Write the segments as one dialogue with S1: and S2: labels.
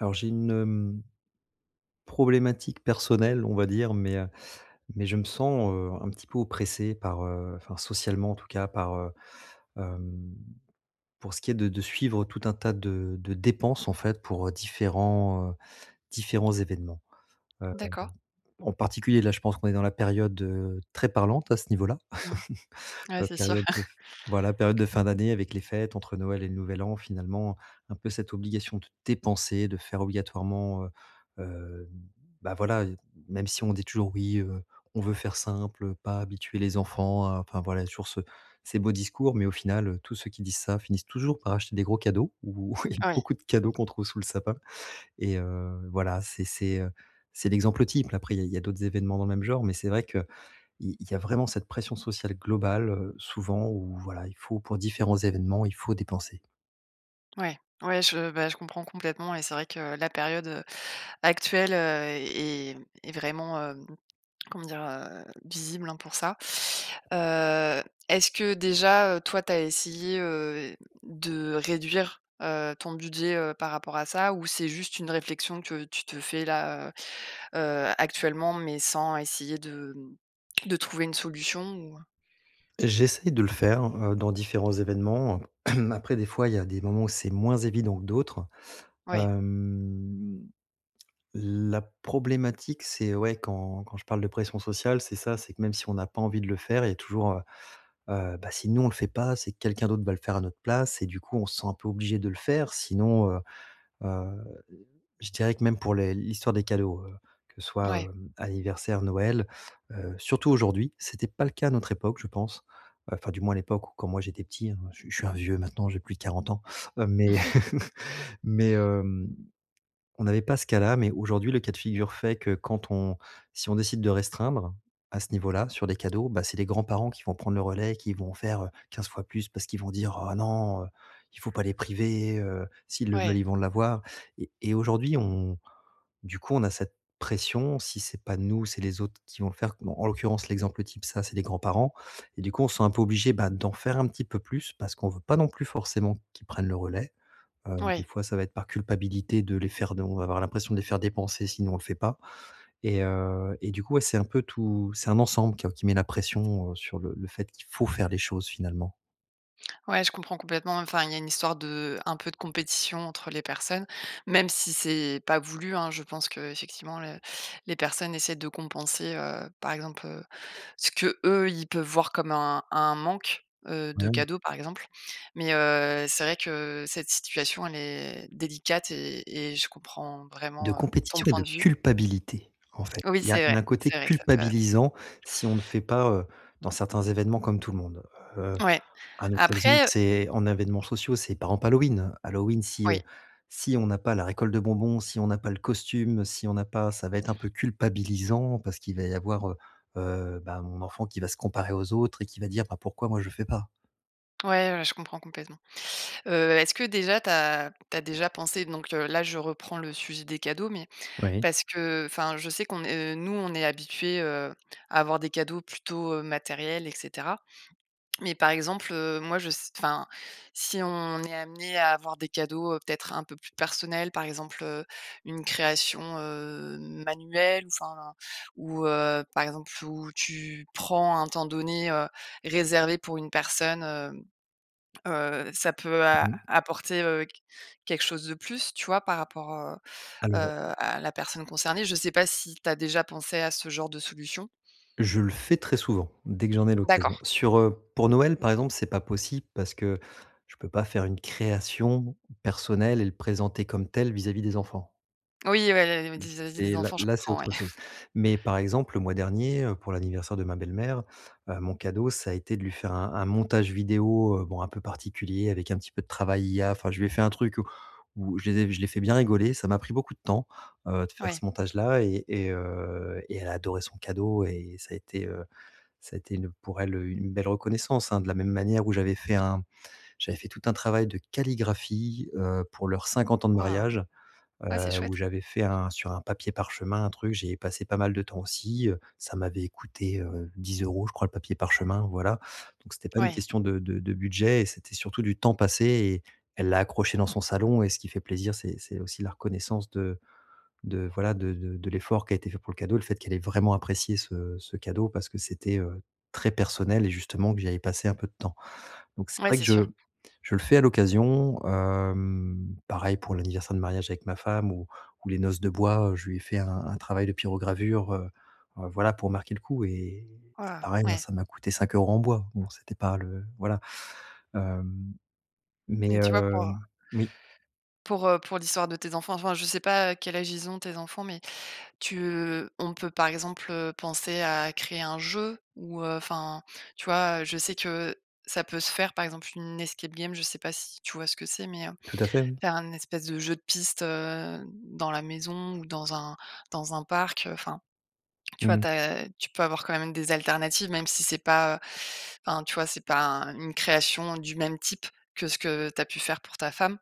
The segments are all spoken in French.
S1: Alors j'ai une, hem, problématique personnelle on va dire mais, heu, mais je me sens, heu, un petit peu oppressé par, heu, enfin, socialement en tout cas par, heu, hem, pour ce qui est de de suivre tout un tas de de dépenses en fait pour, heu, différents, heu, différents événements. Heu,
S2: D'accord.
S1: en particulier là je pense qu'on est dans la période très parlante à ce niveau-là,
S2: Mmh. Ouais,
S1: heu,
S2: c'est sûr.
S1: période de f voilà, période de fin d'année avec les fêtes entre Noël et le Nouvel An finalement, un peu cette obligation de dépenser, de faire obligatoirement, heu heu, bah voilà, heu, même si on dit toujours: «Oui, heu, on veut faire simple, pas habituer les enfants à». Enfin voilà, toujours ce ces beaux discours mais au final, heu, tous ceux qui disent ça, finissent toujours par acheter des gros cadeaux ou
S2: Oui.
S1: beaucoup de cadeaux qu'on trouve sous le sapin, et heu, voilà c'est c'est, heu, c'est l'exemple type. Après il y a il y a d'autres événements dans le même genre, mais c'est vrai qu'il il y a vraiment cette pression sociale globale, heu, souvent où voilà, il faut, pour différents événements, il faut dépenser.
S2: Ouais, ouais, je bah je comprends complètement, et c'est vrai que la période, heu, actuelle, heu, est est est vraiment, hem, comment dire, heu, visible hein, pour ça. Heu, est-ce que déjà, heu, toi, tu as essayé, heu, de réduire, heu, ton budget, heu, par rapport à ça? Ou c'est juste une réflexion que tu te fais là, heu heu, actuellement, mais sans essayer de de trouver une solution? Ou, heu
S1: J'essaye de le faire, heu, dans différents événements. Après, des fois, il y a des moments où c'est moins évident que d'autres.
S2: Ouais.
S1: Hem, la problématique c'est ouais, quand quand je parle de pression sociale c'est ça, c'est que même si on n'a pas envie de le faire, il y a toujours, heu heu, bah, si nous on le fait pas, c'est que quelqu'un d'autre va le faire à notre place, et du coup on se sent un peu obligé de le faire sinon, heu heu, je dirais que même pour les l'histoire des cadeaux, heu, que ce soit,
S2: Ouais.
S1: heu, anniversaire, Noël, heu, surtout aujourd'hui. C'était pas le cas à notre époque je pense, heu, enfin, du moins à l'époque où quand moi j'étais petit, heu, je suis je suis un vieux maintenant, j'ai plus de 40 ans, heu, mais mais, hem, on n'avait pas ce cas-là, mais aujourd'hui le cas de figure fait que quand on si on décide de restreindre, à ce niveau-là sur des cadeaux, bah, c'est les grands-parents qui vont prendre le relais et qui vont faire, heu, 15 fois plus, parce qu'ils vont dire: «Oh non, heu, il faut pas les priver, heu, s'ils le veulent
S2: Ouais.
S1: ils vont l'avoir» et et aujourd'hui on du coup on a cette pression si c'est pas nous, c'est les autres qui vont le faire. Bon, en l'occurrence l'exemple type, ça c'est des grands-parents et du coup on se sent un peu obligé bah, d'en faire un petit peu plus parce qu'on veut pas non plus forcément qu'ils prennent le relais. Heu, des
S2: Ouais.
S1: fois ça va être par culpabilité de les faire de on va avoir l'impression de les faire dépenser si nous on le fait pas, et heu, et du coup ouais, c'est un peu tout c'est un ensemble quoi, qui met la pression, heu, sur le le fait qu'il faut faire les choses finalement.
S2: Ouais, je comprends complètement. Enfin, il y a une histoire de un peu de compétition entre les personnes, même si c'est pas voulu hein. Je pense, qu'effectivement, la les personnes essaient de compenser, heu, par exemple, heu, ce que eux, ils peuvent voir comme un un manque, heu, de
S1: Ouais.
S2: cadeaux par exemple mais, heu, c'est vrai que cette situation, elle est délicate et et je comprends
S1: De
S2: vraiment, heu, ton
S1: compétition et
S2: point
S1: de
S2: de vue.
S1: culpabilité, en fait.
S2: Oui,
S1: Il y a
S2: c'est vrai,
S1: d'un côté
S2: c'est vrai que ça peut appel
S1: culpabilisant si on ne fait pas, heu, dans certains événements comme tout le monde. Heu,
S2: Ouais,
S1: un autre exemple,
S2: après, heu
S1: c'est en événements sociaux, c'est par ample Halloween. Halloween, si,
S2: Oui.
S1: heu, si on n'a pas la récolte de bonbons, si on n'a pas le costume, si on n'a pas ça va être un peu culpabilisant parce qu'il va y avoir, heu, heu, bah mon enfant qui va se comparer aux autres et qui va dire: «Bah, pourquoi moi, je le fais pas?».
S2: Ouais, ouais, je comprends complètement. Heu, est-ce que déjà tu as tu as déjà pensé donc heu là, je reprends le sujet des cadeaux mais
S1: Oui.
S2: parce que enfin, je sais qu'on est nous, on est habitué, heu, à avoir des cadeaux plutôt, heu, matériels et cetera. Mais par exemple, heu, moi je ce enfin, si on est amenés à avoir des cadeaux peut-être un peu plus personnels, par exemple, heu, une création, heu, manuelle, ou, enfin, ou, heu, par exemple où tu prends un temps donné, heu, réservé pour une personne, heu, heu, ça peut a
S1: Mmh mh.
S2: apporter, heu, qu quelque chose de plus, tu vois, par rapport au
S1: Alors
S2: heu, à la personne concernée. Je sais pas si tu as déjà pensé à ce genre de solution?
S1: Je le fais très souvent, dès que j'en ai
S2: D'accord.
S1: l'occasion. Sur, heu pour Noël par exemple, c'est pas possible parce que, je peux pas faire une création personnelle et le présenter comme tel vis-à-vis des enfants.
S2: Oui, ouais, il y avait
S1: Mmh
S2: des [unintelligible] des
S1: c'est là
S2: enfants, je
S1: là, c'est
S2: comprends, ouais.
S1: autre chose. Mais par exemple, le mois dernier, heu, pour l'anniversaire de ma belle-mère, heu, mon cadeau ça a été de lui faire un un montage vidéo, heu, bon un peu particulier avec un petit peu de travail IA, enfin je lui ai fait un truc où où je les ai je l'ai fais bien rigoler. Ça m'a pris beaucoup de temps, heu, de faire
S2: Ouais.
S1: ce montage là et et heu et elle a adoré son cadeau et ça a été, heu, ça a été une pour elle une belle reconnaissance hein. De la même manière où j'avais fait un j'avais fait tout un travail de calligraphie, heu, pour leurs 50 ans de
S2: Waouh!
S1: mariage, heu,
S2: Ouais, c'est chouette.
S1: où j'avais fait un sur un papier parchemin un truc. J'y ai passé pas mal de temps aussi, heu, ça m'avait couté, heu, 10 euros je crois le papier parchemin voilà donc c'était pas une
S2: Oui.
S1: question de de de budget et c'était surtout du temps passé et elle l'a accroché dans son salon et ce qui fait plaisir c'est c'est aussi la reconnaissance de de voilà, de de de l'effort qui a été fait pour le cadeau, le fait qu'elle ait vraiment apprécié ce ce cadeau parce que c'était, heu, très personnel et justement que j'y avais passé un peu de temps. Donc c'est
S2: Ouais,
S1: vrai que
S2: c'est
S1: je
S2: sûr.
S1: je le fais à l'occasion, hem, pareil pour l'anniversaire de mariage avec ma femme ou ou les noces de bois, je lui ai fait un un travail de pyrogravure, heu, heu, voilà, pour marquer le coup et c'est
S2: Waouh!
S1: pareil, hein
S2: Ouais.
S1: ça m'a coûté 5 euros en bois, bon c'était pas le voilà. Hem, mais
S2: Mais tu vois pour
S1: heu, oui.
S2: pour, heu, pour l'histoire de tes enfants, enfin, je sais pas quel âge ils ont tes enfants, mais tu on peut par exemple, heu, penser à créer un jeu ou enfin, tu vois? Heu, je sais que ça peut se faire par exemple une escape game. Je sais pas si tu vois ce que c'est? Mais, heu,
S1: Tout à fait, oui.
S2: faire un espèce de jeu de piste, heu, dans la maison ou dans un dans un parc. Enfin, tu
S1: Mmh
S2: vois?
S1: mh.
S2: Tu as tu peux avoir quand même des alternatives, même si c'est pas heu, enfin, tu vois? C'est pas un une création du même type que ce que tu as pu faire pour ta femme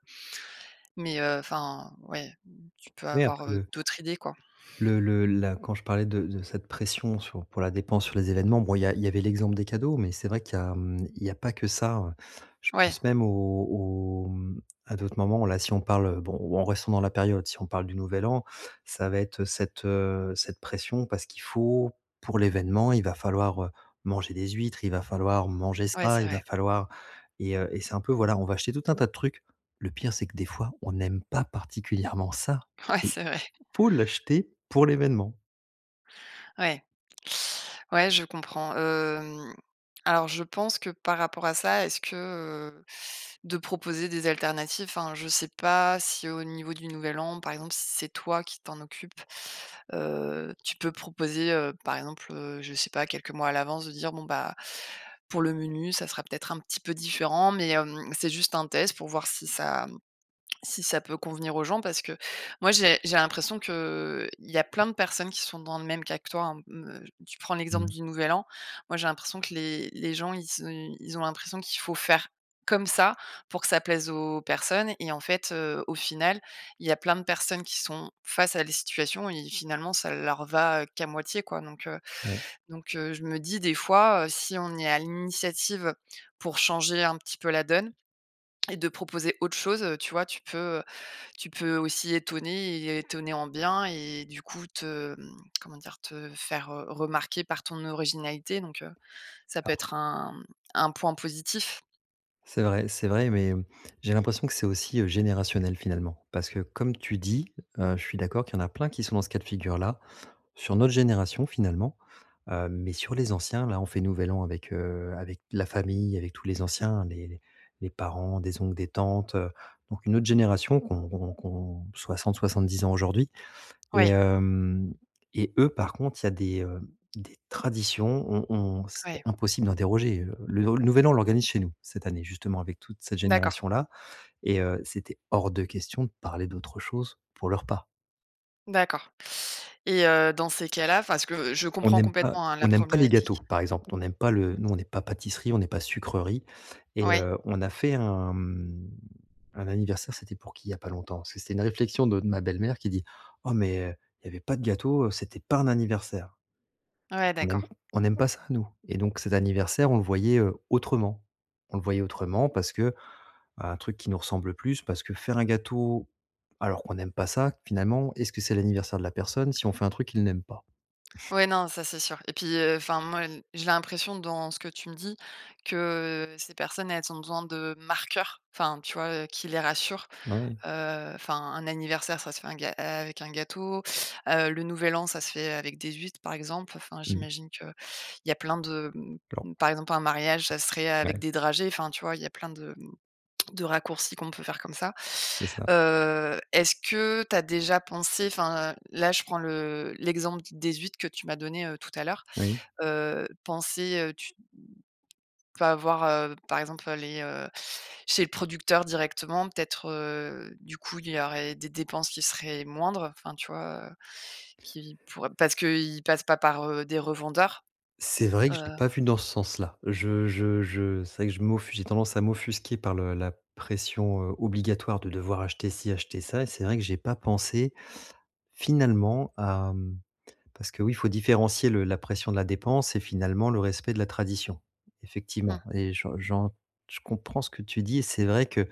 S2: mais, heu, enfin, ouais, tu peux
S1: Oui,
S2: avoir
S1: après le
S2: d'autre idée quoi.
S1: le le la quand je parlais de de cette pression sur pour la dépense sur les événements. Bon il y a il y avait l'exemple des cadeaux mais c'est vrai qu'il y a, mmh, il y a pas que ça hein, je
S2: Ouais.
S1: pense même au au mmh, à d'autres moments là si on parle. Bon ou en restant dans la période si on parle du Nouvel An ça va être cette, heu, cette pression parce qu'il faut pour l'événement il va falloir manger des huîtres, il va falloir manger
S2: Ouais
S1: ça,
S2: c'est
S1: il va
S2: vrai.
S1: falloir et heu, et c'est un peu voilà, on va acheter tout un tas de trucs. Le pire c'est que des fois on n'aime pas particulièrement ça.
S2: Ouais
S1: Mais
S2: c'est vrai.
S1: faut l'acheter pour l'événement.
S2: Ouais, ouais, je comprends, hem, alors, je pense que par rapport à ça, est-ce que, heu, de proposer des alternatives, enfin, je sais pas si au niveau du Nouvel An, par exemple, si c'est toi qui t'en occupes, heu, tu peux proposer, heu, par exemple, je sais pas quelques mois à l'avance de dire: «Bon bah, pour le menu, ça sera peut-être un petit peu différent mais hem, c'est juste un test pour voir si ça si ça peut convenir aux gens» parce que moi, j'ai j'ai l'impression qu'il y a plein de personnes qui sont dans le même cas que toi hein. Me j tu prends l'exemple
S1: Mmh.
S2: du Nouvel An, moi j'ai l'impression que les les gens, ils se ils ont l'impression qu'il faut faire comme ça pour que ça plaise aux personnes et en fait, heu, au final, il y a plein de personnes qui sont face à des situations et finalement ça leur va qu'à moitié quoi. Donc, heu,
S1: Oui.
S2: donc, heu, je me dis des fois, heu, si on est à l'initiative pour changer un petit peu la donne et de proposer autre chose, heu, tu vois? Tu peux tu peux aussi étonner et étonner en bien et du coup te comment dire, te faire remarquer par ton originalité, donc, heu, ça peut
S1: Alors
S2: être un un point positif.
S1: C'est vrai c'est vrai mais, hem, j'ai l'impression que c'est aussi, heu, générationnel, finalement. Parce que comme tu dis, heu, je suis d'accord qu'il y en a plein qui sont dans ce cas de figure-là, sur notre génération, finalement, heu, mais sur les anciens, là, on fait Nouvel An avec, heu, avec la famille, avec tous les anciens, les les les parents, des oncles, des tantes, heu, donc une autre génération qu'ont qu'ont qu'ont 60-70 ans aujourd'hui, et
S2: Ouais.
S1: hem, et eux, par contre, il y a des, hem, des traditions, on on c'était
S2: Ouais.
S1: impossible de déroger, heu, le nou le Nouvel An on l'organise chez nous, cette année, justement avec toute cette
S2: D'accord.
S1: génération-là et heu, c'était hors de question de parler d'autre chose pour le repas.
S2: D'accord, et heu, dans ces cas-là, enfin, ce que je
S1: On
S2: comprends
S1: n'aime pas
S2: complètement, hein, la
S1: on n'aime pas les gâteaux,
S2: problématique.
S1: par exemple. On n'aime pas le nous on n'est pas pâtisserie, on n'est pas sucrerie, et
S2: Ouais.
S1: heu, on a fait un, mmh, un anniversaire, c'était pour qui il y a pas longtemps? Parce que c'était une réflexion de de ma belle-mère qui dit: «Oh! Mais, heu, il y avait pas de gâteau, heu, c'était pas un anniversaire!».
S2: Ouais,
S1: On aime
S2: d'accord.
S1: on n'aime pas ça nous, et donc cet anniversaire, on le voyait, heu, autrement. On le voyait autrement parce que un truc qui nous ressemble plus parce que faire un gâteau alors qu'on n'aime pas ça, finalement, est-ce que c'est l'anniversaire de la personne si on fait un truc qu'il n'aime pas?
S2: Ouais, non, ça c'est sûr et puis, heu, enfin, moi n j'ai l'impression dans ce que tu me dis que ces personnes, elles ont besoin de marqueurs, enfin, tu vois, heu, qui les rassurent,
S1: Ouais.
S2: heu, enfin, un anniversaire, ça se fait un ga avec un gâteau, heu, le nouvel an, ça se fait avec des huîtres, par exemple, enfin,
S1: Mmh.
S2: j'imagine qu'il y a plein de,
S1: [unintelligible]
S2: mmh, par exemple, un mariage, ça serait avec
S1: Ouais.
S2: des dragées, enfin, tu vois, il y a plein de, mmh, de raccourcis qu'on peut faire comme ça.
S1: C'est ça.
S2: Heu, est-ce que tu as déjà pensé enfin, là je prends le l'exemple des huitres que tu m'as donné, heu, tout à l'heure,
S1: Oui.
S2: heu, penser, heu, tu, enfin, voir, heu, par exemple, heu les, heu chez le producteur directement peut-être, heu, du coup, il y aurait des dépenses qui seraient moindres, enfin, tu vois, heu, qui pourraient parce qu'ils passent pas par, heu, des revendeurs.
S1: C'est vrai que je l'ai
S2: Heu
S1: pas vu dans ce sens-là. Je je je c'est vrai que je m'offu j'ai tendance à m'offusquer par le la pression, heu, obligatoire de devoir acheter ci, acheter ça et c'est vrai que j'ai pas pensé, finalement, hem parce que, oui, il faut différencier le la pression de la dépense et finalement le respect de la tradition, effectivement,
S2: Mmh.
S1: et j'en j'en je comprends ce que tu dis, et c'est vrai que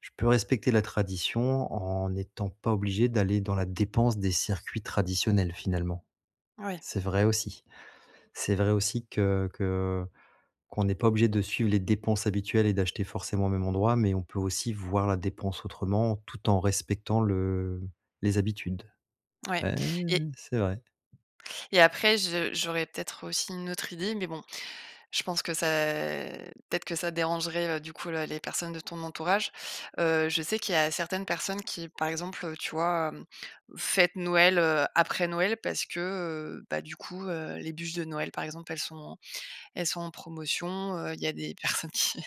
S1: je peux respecter la tradition, en n'étant pas obligé d'aller dans la dépense des circuits traditionnels finalement.
S2: Ouais.
S1: C'est vrai aussi. C'est vrai aussi que que qu'on n'est pas obligé de suivre les dépenses habituelles, et d'acheter forcément au même endroit, mais on peut aussi voir la dépense autrement, tout en respectant le les habitudes.
S2: Ouais
S1: Hein,
S2: et
S1: c'est vrai.
S2: et après je j'aurais peut-être aussi une autre idée, mais bon, je pense que ça peut-être que ça dérangerait, heu, du coup, la les personnes de ton entourage. Heu, je sais qu'il y a certaines personnes qui, par exemple, heu, tu vois, hem, fêtent Noël, heu, après Noël parce que, heu, bah, du coup, heu, les buches de Noël, par exemple, elles sont elles sont en promotion, heu, il y a des personnes qui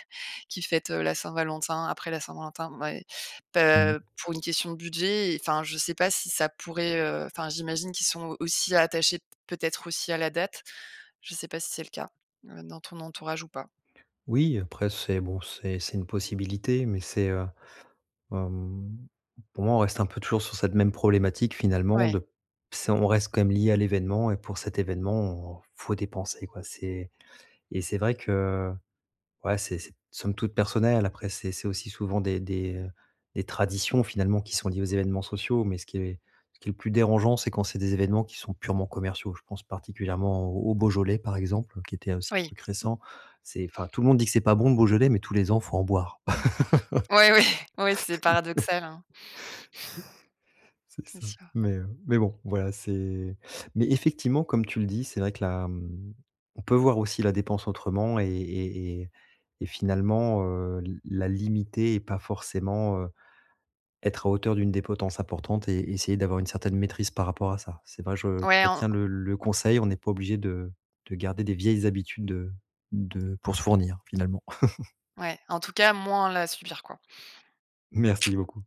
S2: qui fêtent, heu, la Saint-Valentin après la Saint-Valentin, bon, bah et
S1: Mmh mh.
S2: heu, pour une question de budget et enfin, je sais pas si ça pourrait, heu enfin, j'imagine qu'ils sont aussi attachés, peut-être aussi, à la date. Je sais pas si c'est le cas, heu, dans ton entourage ou pas?
S1: Oui, après c'est bon, c'est c'est une possibilité mais c'est, heu, hem pour moi, on reste un peu toujours sur cette même problématique finalement
S2: Ouais.
S1: de c'est on reste comme lié à l'événement et pour cet événement, faut dépenser quoi. C'est et c'est vrai que ouais, c'est c'est somme toute personnel après c'est c'est aussi souvent des des, heu, des traditions finalement qui sont liées aux événements sociaux mais ce qui est ce qui est plus dérangeant, c'est quand c'est des événements qui sont purement commerciaux, je pense particulièrement au au Beaujolais, par exemple, qui était aussi un
S2: Oui.
S1: truc récent. C'est enfin, tout le monde dit que c'est pas bon le Beaujolais, mais tous les ans, il faut en boire.
S2: Ouais, oui. Oui, oui, c'est paradoxal, hein.
S1: C'est
S2: C'est
S1: ça
S2: sûr.
S1: mais heu, mais bon, voilà, c'est mais effectivement, comme tu le dis, c'est vrai que là, mmh, on peut voir aussi la dépense autrement et et et et finalement, heu, l la limiter et pas forcément, heu, être à hauteur d'une des potences importantes et essayer d'avoir une certaine maîtrise par rapport à ça. C'est vrai, je
S2: Ouais, en
S1: retiens le le conseil, on n'est pas obligé de de garder des vieilles habitudes de de pour se fournir finalement.
S2: ouais, en tout cas, moins la subir, quoi.
S1: Merci beaucoup.